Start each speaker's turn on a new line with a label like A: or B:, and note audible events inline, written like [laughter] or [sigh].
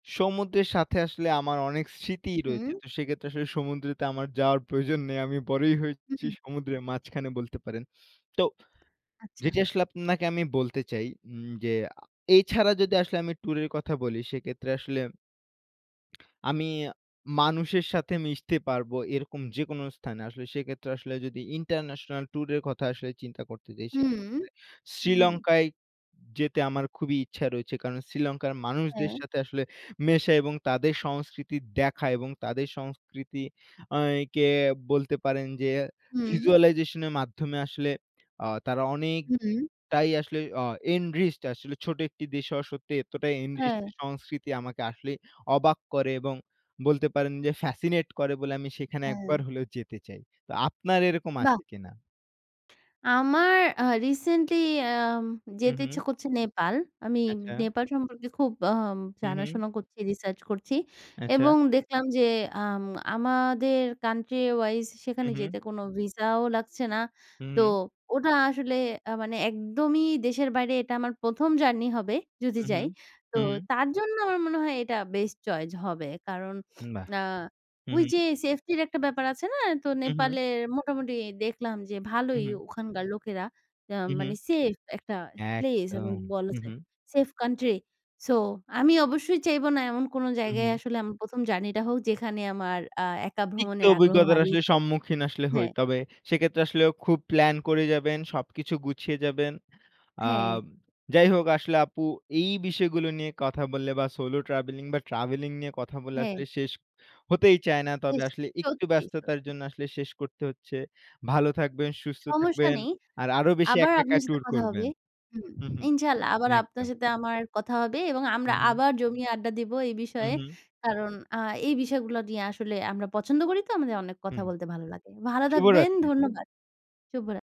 A: সমুদ্রের সাথে আসলে আমার অনেক স্মৃতিই
B: হু, হুম।
A: রয়েছে তো সেক্ষেত্রে আসলে সমুদ্রেতে আমার যাওয়ার প্রয়োজন নেই, আমি বড়ই
B: হু,
A: হয়েছি
B: হুম।
A: সমুদ্রের মাঝখানে বলতে পারেন। তো
B: আচ্ছা।
A: যেটি আসলে আপনাকে আমি বলতে চাই উম যে এই ছাড়া যদি আসলে আমি টুরের কথা বলি সেক্ষেত্রে আসলে আমি মানুষের সাথে মিশতে পারবো এরকম যেকোন স্থানে; আসলে সেক্ষেত্রে আসলে যদি ইন্টারন্যাশনাল ট্যুরের কথা আসলে চিন্তা করতে চাই; সেক্ষেত্রে
B: হুম, হুম।
A: শ্রীলঙ্কায় যেতে আমার খুবই ইচ্ছা রয়েছে, কারণ শ্রীলঙ্কার মানুষদের
B: হ্যাঁ।
A: সাথে আসলে মেশা এবং তাদের সংস্কৃতি দেখা এবং তাদের সংস্কৃতি আ কে বলতে পারেন যে
B: হুম।
A: ভিজুয়ালাইজেশন এর মাধ্যমে আসলে আ তারা অনেকটাই
B: হুম।
A: আসলে আ এনরিচড আসলে ছোট একটি দেশ হওয়া সত্বে এতটাই এনরিচড
B: হ্যাঁ।
A: সংস্কৃতি আমাকে আসলেই অবাক করে এবং বলতে পারেন যে, ফ্যাসিনেট করে বলে আমি সেখানে একবার
B: হ্যাঁ।
A: হলেও যেতে চাই। তো আপনার এরকম আছে
B: বাহ্!
A: কিনা?
B: আমার আ রিসেন্টলি আম
A: হুম,
B: যেতে ইচ্ছা
A: হুম।
B: করছে নেপাল। আমি
A: আচ্ছা।
B: নেপাল সম্পর্কে খুব আম
A: হুম, হুম।
B: জানাশোনা করছি, রিসার্চ করছি
A: আচ্ছা।
B: এবং দেখলাম যে আম আমাদের কান্ট্রি ওয়াইজ সেখানে
A: হুম, হুম।
B: যেতে কোনো ভিসাও লাগছে না,
A: হুম,
B: তো
A: হুম।
B: ওটা আসলে আ মানে একদমই দেশের বাইরে এটা আমার ১ম জার্নি হবে, যদি
A: উহুম,
B: যাই।
A: হুম,
B: তো
A: হুম।
B: জন্য আমার মনে হয় এটা বেস্ট চয়েস হবে কারণ [sniffs]
A: বাহ!
B: আ
A: হুম,
B: ওই
A: হুম।
B: যে সেফটির একটা ব্যাপার আছে না? তো
A: উহুম।
B: নেপালের মোটামুটি দেখলাম যে ভালোই
A: উহুম।
B: ওখানকার লোকেরা আ
A: উ হুম,
B: মানে সেফ একটা প্লেস
A: একদম
B: বলা
A: হুম,
B: যায়,
A: হুম।
B: সেফ কান্ট্রি সো আমি অবশ্যই চাইবো না এমন কোন
A: হুম,
B: জায়গায়
A: হুম।
B: আসলে আমার ১ম জার্নিটা হোক যেখানে আমার আ একা
A: তিক্ত
B: ভ্রমণের আগ্রহ
A: অভিজ্ঞতার
B: হারিয়ে
A: আসলে
B: যায়
A: সম্মুখীন আসলে হই।
B: হ্যাঁ।
A: তবে সেক্ষেত্রে আসলে খুব প্লান করে যাবেন, সবকিছু গুছিয়ে যাবেন আ
B: হ্যাঁ।
A: যাই হোক আসলে আপু এই বিষয়গুলো নিয়ে কথা বললে বা সোলো ট্রাভেলিং বা ট্রাভেলিং নিয়ে কথা বললে
B: হ্যাঁ।
A: আসলে শেষ হতেই চায় না,
B: হুম,
A: তবে আসলে একটু
B: সত্যি,
A: ব্যস্ততার
B: সত্যি।
A: জন্য আসলে শেষ করতে হচ্ছে। ভালো থাকবেন, সুস্থ
B: সমস্যা
A: থাকবেন
B: নেই
A: আর আরো বেশি
B: আবার
A: একা, একা
B: আপনার সাথে
A: ট্যুর
B: কথা হবে।
A: করবেন।
B: হুম,
A: হুম, হুম,
B: ইনশাআল্লাহ আবার আপনার
A: একদম।
B: সাথে আমার কথা হবে এবং আমরা
A: হুম, হুম।
B: আবার জমিয়ে আড্ডা দিবো এই
A: হুম,
B: বিষয়ে।
A: হুম।
B: কারণ আ এই বিষয়গুলো নিয়ে আসলে আমরা পছন্দ করি তো আমাদের অনেক
A: হু,
B: কথা
A: হুম,
B: বলতে ভালো লাগে। ভালো থাকবেন
A: শুভরাত্রি।
B: ধন্যবাদ, শুভরাত্রি।